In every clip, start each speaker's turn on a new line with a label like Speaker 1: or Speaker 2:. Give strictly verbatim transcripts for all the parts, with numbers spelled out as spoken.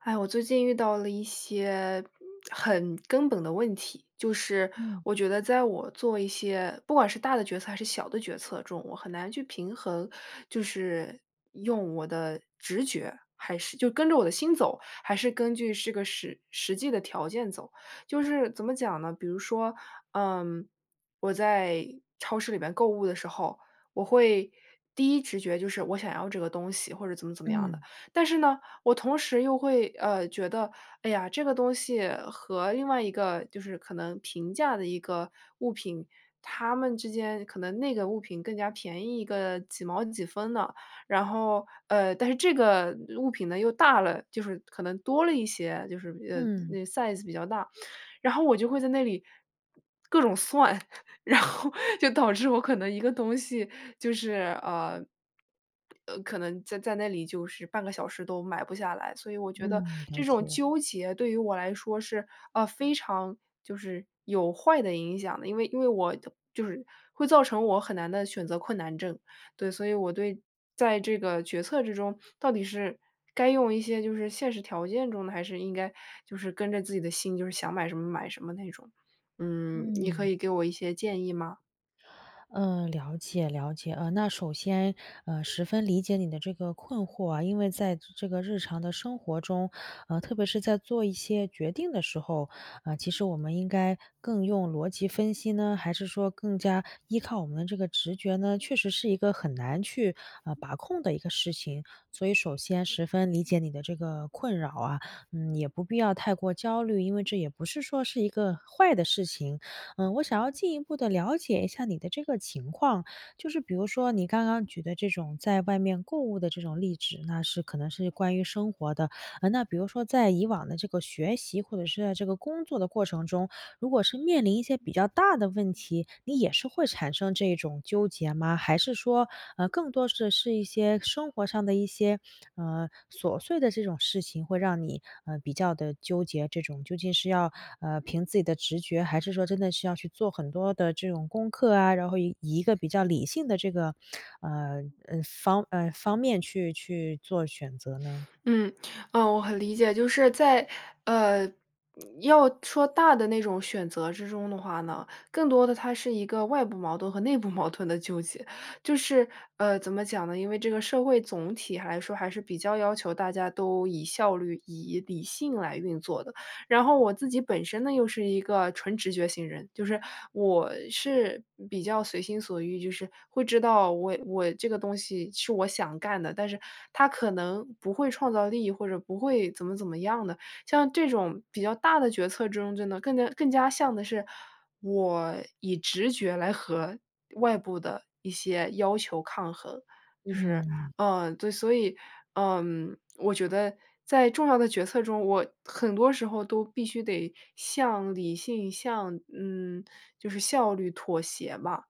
Speaker 1: 哎，我最近遇到了一些很根本的问题。就是
Speaker 2: 嗯。
Speaker 1: 我觉得在我做一些不管是大的决策还是小的决策中，我很难去平衡。就是用我的直觉，还是就跟着我的心走，还是根据是个实实际的条件走。就是怎么讲呢，比如说，嗯，我在超市里面购物的时候，我会第一直觉就是我想要这个东西或者怎么怎么样的。
Speaker 2: 嗯。
Speaker 1: 但是呢，我同时又会，呃，觉得，哎呀这个东西和另外一个就是可能平价的一个物品，他们之间可能那个物品更加便宜一个几毛几分的。然后，呃，但是这个物品呢又大了。就是可能多了一些，就是，呃，
Speaker 2: 嗯。
Speaker 1: 那 size 比较大。然后我就会在那里各种算，然后就导致我可能一个东西就是，呃呃，可能在在那里就是半个小时都买不下来。所以我觉得
Speaker 2: 嗯，了
Speaker 1: 这种
Speaker 2: 解。
Speaker 1: 纠结对于我来说是，呃，非常就是有坏的影响的。因为因为我就是会造成我很难的选择困难症。对，所以我对在这个决策之中到底是该用一些就是现实条件中的，还是应该就是跟着自己的心，就是想买什么买什么那种。嗯，你可
Speaker 2: 嗯。
Speaker 1: 以给我一些建议吗？
Speaker 2: 嗯。了解了解。呃，那首先，呃，十分理解你的这个困惑啊。因为在这个日常的生活中呃，特别是在做一些决定的时候，呃，其实我们应该更用逻辑分析呢？还是说更加依靠我们的这个直觉呢？确实是一个很难去，啊，把控的一个事情。所以首先十分理解你的这个困扰啊，嗯，也不必要太过焦虑，因为这也不是说是一个坏的事情。呃，我想要进一步地了解一下你的这个情况，就是比如说你刚刚举的这种在外面购物的这种例纸，那是可能是关于生活的。呃，那比如说在以往的这个学习，或者是在这个工作的过程中，如果是面临一些比较大的问题，你也是会产生这种纠结吗？还是说，呃，更多的是一些生活上的一些，呃，琐碎的这种事情会让你，呃，比较地纠结，这种究竟是要，呃，凭自己的直觉，还是说真的是要去做很多的这种功课啊，然后以以一个比较理性的这个，呃，嗯，方呃，方面去去做选择呢？
Speaker 1: 嗯。呃，我很理解。就是在呃，要说大的那种选择之中的话呢，更多的它是一个外部矛盾和内部矛盾的纠结。就是呃，怎么讲呢？因为这个社会总体来说还是比较要求大家都以效率、以理性来运作的。然后我自己本身呢又是一个纯直觉型人，就是我是比较随心所欲就是会知道我我这个东西是我想干的。但是它可能不会创造利益，或者不会怎么怎么样的。像这种比较大的决策中，就能更加更加像的是我以直觉来和外部的一些要求抗衡。就是
Speaker 2: 嗯。
Speaker 1: 嗯，对，所以嗯，我觉得在重要的决策中，我很多时候都必须得向理性，向嗯，就是效率妥协吧。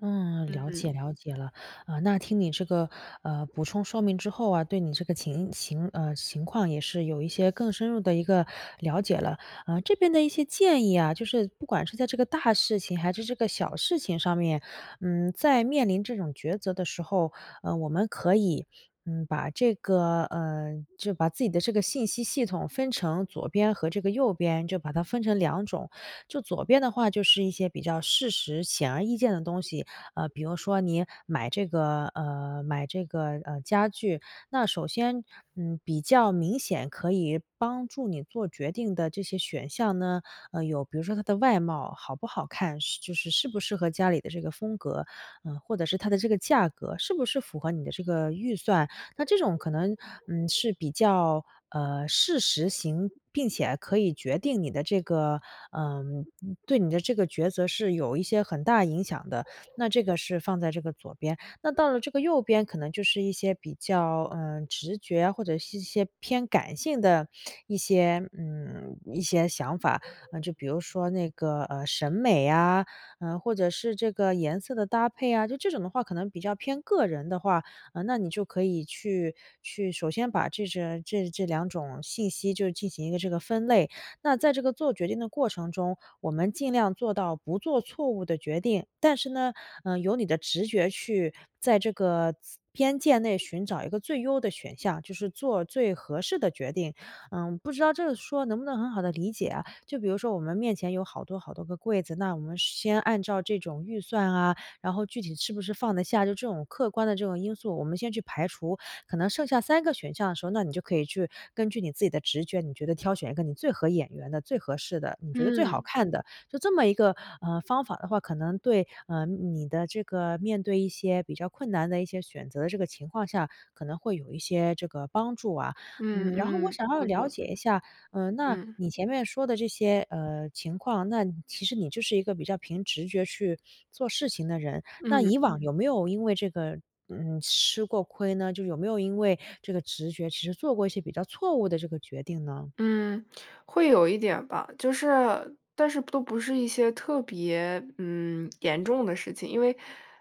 Speaker 2: 嗯，了解
Speaker 1: 嗯。
Speaker 2: 了解了。呃，那听你这个，呃，补充说明之后啊，对你这个情情呃，情况也是有一些更深入的一个了解了。呃，这边的一些建议啊，就是不管是在这个大事情，还是这个小事情上面，嗯，在面临这种抉择的时候，呃，我们可以，嗯，把这个呃，就把自己的这个信息系统分成左边和这个右边，就把它分成两种。就左边的话就是一些比较事实、显而易见的东西，呃，比如说你买这个呃，买这个，呃，家具，那首先，嗯，比较明显可以帮助你做决定的这些选项呢，呃，有比如说它的外貌好不好看，适就是适不适合家里的这个风格。呃，或者是它的这个价格是不是符合你的这个预算。那这种可能，嗯，是比较，呃，事实型，并且可以决定你的这个呃，嗯，对你的这个抉择是有一些很大影响的，那这个是放在这个左边。那到了这个右边可能就是一些比较，呃，直觉，或者是一些偏感性的一些嗯，一些想法。呃，就比如说那个，呃，审美啊，呃，或者是这个颜色的搭配啊，就这种的话，可能比较偏个人的话，呃，那你就可以去去首先把这这这两种信息就进行一个这个分类。那在这个做决定的过程中，我们尽量做到不做错误的决定。但是呢，呃，由你的直觉去在这个自边界内寻找一个最优的选项，就是做最合适的决定。嗯，不知道这个说能不能很好地理解啊。就比如说我们面前有好多好多个柜子，那我们先按照这种预算啊，然后具体是不是放得下，就这种客观的这种因素，我们先去排除，可能剩下三个选项的时候，那你就可以去根据你自己的直觉，你觉得挑选一个你最合眼缘的、最合适的，你觉得最好
Speaker 1: 嗯。
Speaker 2: 看的。就这么一个，呃，方法的话，可能对呃，你的这个面对一些比较困难的一些选择的这个情况下，可能会有一些这个帮助啊。
Speaker 1: 嗯
Speaker 2: 嗯，然后我
Speaker 1: 嗯，
Speaker 2: 想要
Speaker 1: 我
Speaker 2: 了
Speaker 1: 懂。
Speaker 2: 解一下，呃，那
Speaker 1: 嗯。
Speaker 2: 你前面说的这些，呃，情况，那你其实你就是一个比较凭直觉去，做事情的人，那
Speaker 1: 嗯。
Speaker 2: 以往有没有因为这个，嗯，吃过亏呢？就有没有因为这个直觉其实做过一些比较错误的这个决定呢？
Speaker 1: 嗯，会有一点儿吧。就是但是都不是一些特别，嗯，严重的事情。因为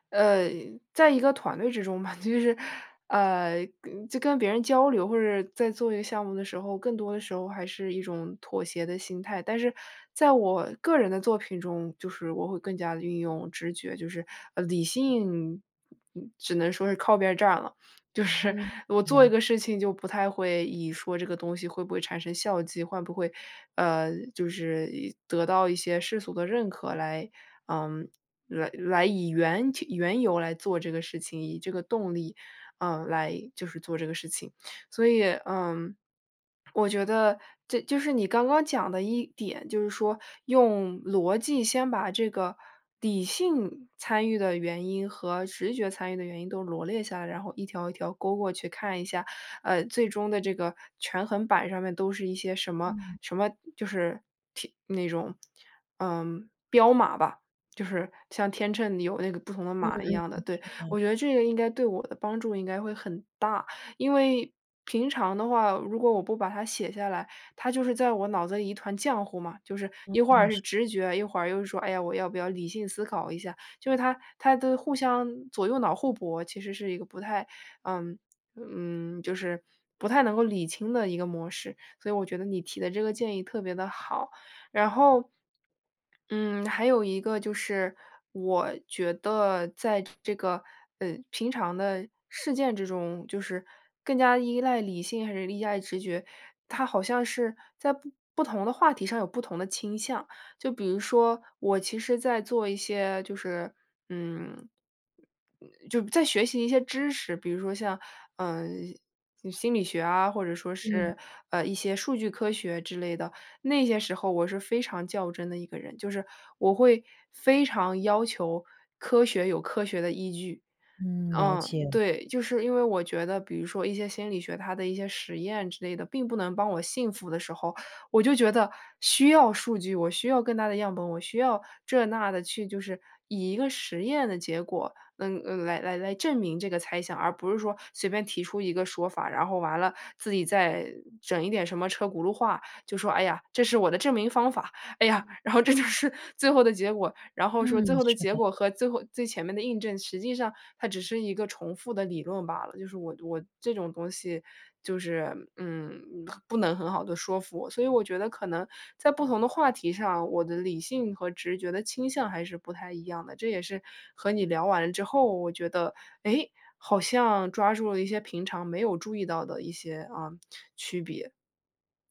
Speaker 1: 呃，在一个团队之中吧，就是，呃，跟就跟别人交流，或者在做一个项目的时候，更多的时候还是一种妥协的心态。但是，在我个人的作品中，就是我会更加地运用直觉就是呃，理性，嗯，只能说是靠边儿站了。就是
Speaker 2: 嗯。
Speaker 1: 我做
Speaker 2: 了
Speaker 1: 一
Speaker 2: 解。
Speaker 1: 个事情就不太会以说这个东西会不会产生效绩，换不会，呃，就是一得到一些世俗的认可来嗯，来来以缘其缘由来做这个事情，以这个动力，嗯，来就是做这个事情。所以，嗯我觉得这就是你刚刚讲的一点，就是说用逻辑先把这个理性参与的原因和直觉参与的原因都罗列下来，然后一条一条勾过去看一下，呃，最终的这个权衡板儿上面都是一些什么
Speaker 2: 嗯。
Speaker 1: 什么就是提那种嗯，标码吧。就是像天秤里有那个不同的
Speaker 2: 嗯嗯，是
Speaker 1: 码一样的，对。
Speaker 2: 的。
Speaker 1: 我觉得这个应该对我的帮助应该会很大。因为，平常的话，如果我不把它写下来，它就是在我脑子里一团浆糊嘛。就是
Speaker 2: 哦，
Speaker 1: 一会儿是
Speaker 2: 是
Speaker 1: 直觉，一会儿又说：“哎呀，我要不要理性思考一下。”就是它它的互相左右脑互博，其实是一个不太嗯，嗯，就是不太能够理清的一个模式。所以我觉得你提的这个建议特别地好。然后嗯，还有一个就是，我觉得在这个，呃，平常的事件之中，就是更加依赖理性还是依赖直觉，它好像是在不不同的话题上有不同的倾向。就比如说我其实在做一些就是，嗯嗯，就在学习一些知识，比如说像，呃，嗯，心理学啊，或者说
Speaker 2: 嗯。
Speaker 1: 是，呃，一些数据科学之类的，那些时候我是非常较真的一个人。就是我会非常要求科学有科学的依据。
Speaker 2: 嗯。了
Speaker 1: 嗯，
Speaker 2: 解。
Speaker 1: 对，就是因为我觉得，比如说一些心理学它的一些实验之类的，并不能帮我信服的时候，我就觉得需要数据，我需要更大的样本，我需要这、那的去就是以一个实验的结果，嗯，嗯，来来证明这个猜想，而不是说随便提出一个说法，然后完了自己再整一点什么车轱辘话，就说：“哎呀，这是我的证明方法。哎呀，
Speaker 2: 嗯。
Speaker 1: 然后这就是最后的结果。”然后说，最
Speaker 2: 嗯。
Speaker 1: 后的
Speaker 2: 是
Speaker 1: 结
Speaker 2: 的。
Speaker 1: 果和最后最前面的印证，实际上它只是一个重复的理论吧。就是我我这种东西就是，嗯，很不能很好地说服我。所以我觉得可能在不同的话题上，我的理性和直觉的倾向还是不太一样的。这也是和你聊完之后，我觉得，诶，好像抓住了一些平常没有注意到的一些，啊，区别。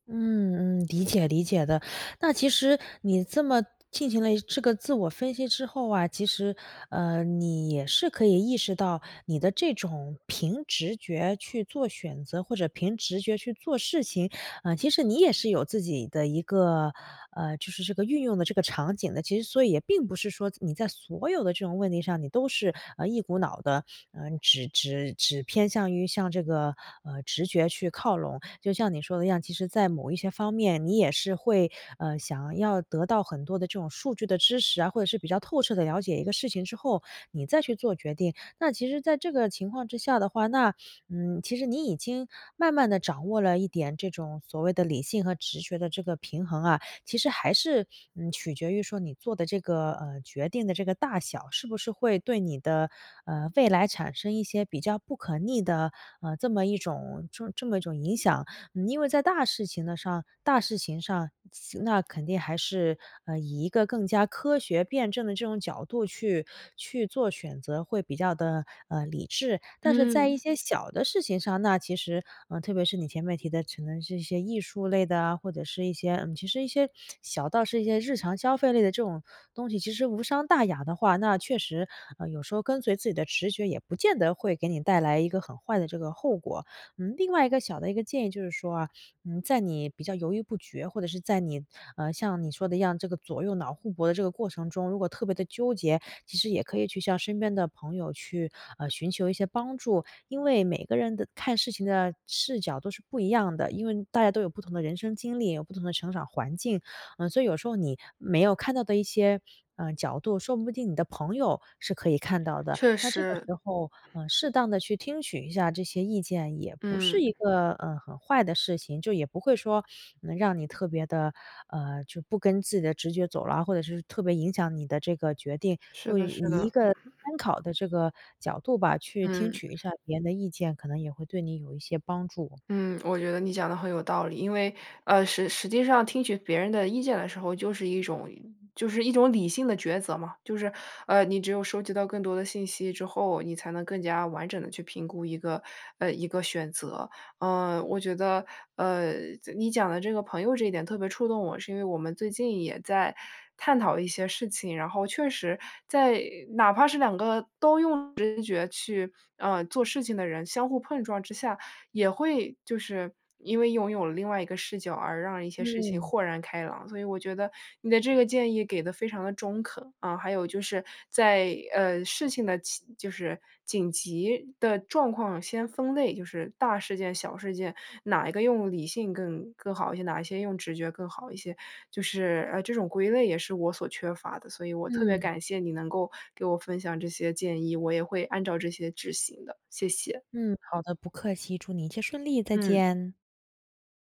Speaker 2: 嗯嗯，理解理解的。那其实你这么进行了一这个自我分析之后啊，其实，呃，你也是可以意识到，你的这种凭直觉去做选择，或者凭直觉去做事情，呃，其实你也是有自己的一个呃，就是这个运用的这个场景的。其实所以也并不是说，你在所有的这种问题上，你都是，呃，一股脑的，呃，只只只偏向于向这个，呃，直觉去靠拢。就像你说的一样，其实在某一些方面，你也是会，呃，想要得到很多的这种数据的支持啊，或者是比较透彻地了解一个事情之后，你再去做决定。那其实在这个情况之下的话，那嗯，其实你已经慢慢地掌握了一点这种，所谓的理性和直觉的这个平衡啊。其实还是，嗯，取决于说你做得这个，呃，决定的这个大小，是不是会对你的，呃，未来产生一些比较不可逆的，呃，这么一种这么一种影响。嗯，因为在大事情的上大事情上，期那肯定还是，呃，以一个更加科学辩证的这种角度去去做选择，会比较地，呃，理智。但是在
Speaker 1: 嗯。
Speaker 2: 一些小的事情上，那其实呃，特别是你前面提的，可能是一些艺术类的啊，或者是一些嗯，其实一些小到是一些日常消费类的这种东西，其实无伤大雅的话，那确实，呃，有时候跟随自己的直觉，也不见得会给你带来一个很坏的这个后果。嗯，另外一个小的一个建议，就是说啊，嗯，在你比较犹豫不决，或者是在你呃，像你说的一样，这个左右脑互搏的这个过程中，如果特别地纠结，其实也可以去向身边的朋友去，呃，寻求一些帮助。因为每个人的看事情的视角都是不一样的，因为大家都有不同的人生经历，有不同的成长环境。呃，所以有时候你没有看到的一些，呃，角度，说不定你的朋友是可以看到的。
Speaker 1: 确
Speaker 2: 那这个
Speaker 1: 实。
Speaker 2: 时候，呃，适当的去听取一下这些意见，也不是
Speaker 1: 嗯。
Speaker 2: 一个，呃，很坏的事情。就也不会说，嗯让你特别的，呃，就不跟自己的直觉走了，或者是特别影响你的这个决定，
Speaker 1: 是
Speaker 2: 就
Speaker 1: 的，
Speaker 2: 以
Speaker 1: 是
Speaker 2: 一
Speaker 1: 的。
Speaker 2: 个 参考的这个角度吧，去听
Speaker 1: 嗯。
Speaker 2: 取一下别人的意见，可能也会对你有一些帮助。
Speaker 1: 嗯，我觉得你讲得很有道理。因为，呃，实实际上听取别人的意见的时候，就是一种就是一种理性的抉择嘛。就是，呃，你只有收集到更多的信息之后，你才能更加完整地去评估一个呃，一个选择。嗯，我觉得，呃，这你讲的这个朋友这一点特别触动我，是因为我们最近也在探讨一些事情。然后确实，在哪怕是两个都用直觉去，呃，做事情的人，相互碰撞之下，也会就是因为拥有了另外一个视角，而让一些事情
Speaker 2: 嗯。
Speaker 1: 豁然开朗。所以我觉得，你的这个建议给得非常地中肯。啊，还有就是，在，呃，事情的起就是紧急的状况先分类，就是大事件、小事件，哪一个用理性更更好一些，哪一些用直觉更好一些。就是，呃，这种归类也是我所缺乏的，所以我特别
Speaker 2: 嗯。
Speaker 1: 感谢你能够给我分享这些建议，我也会按照这些执行的，谢谢。
Speaker 2: 嗯，好的，不客气。祝你一切顺利，再
Speaker 1: 嗯。
Speaker 2: 见。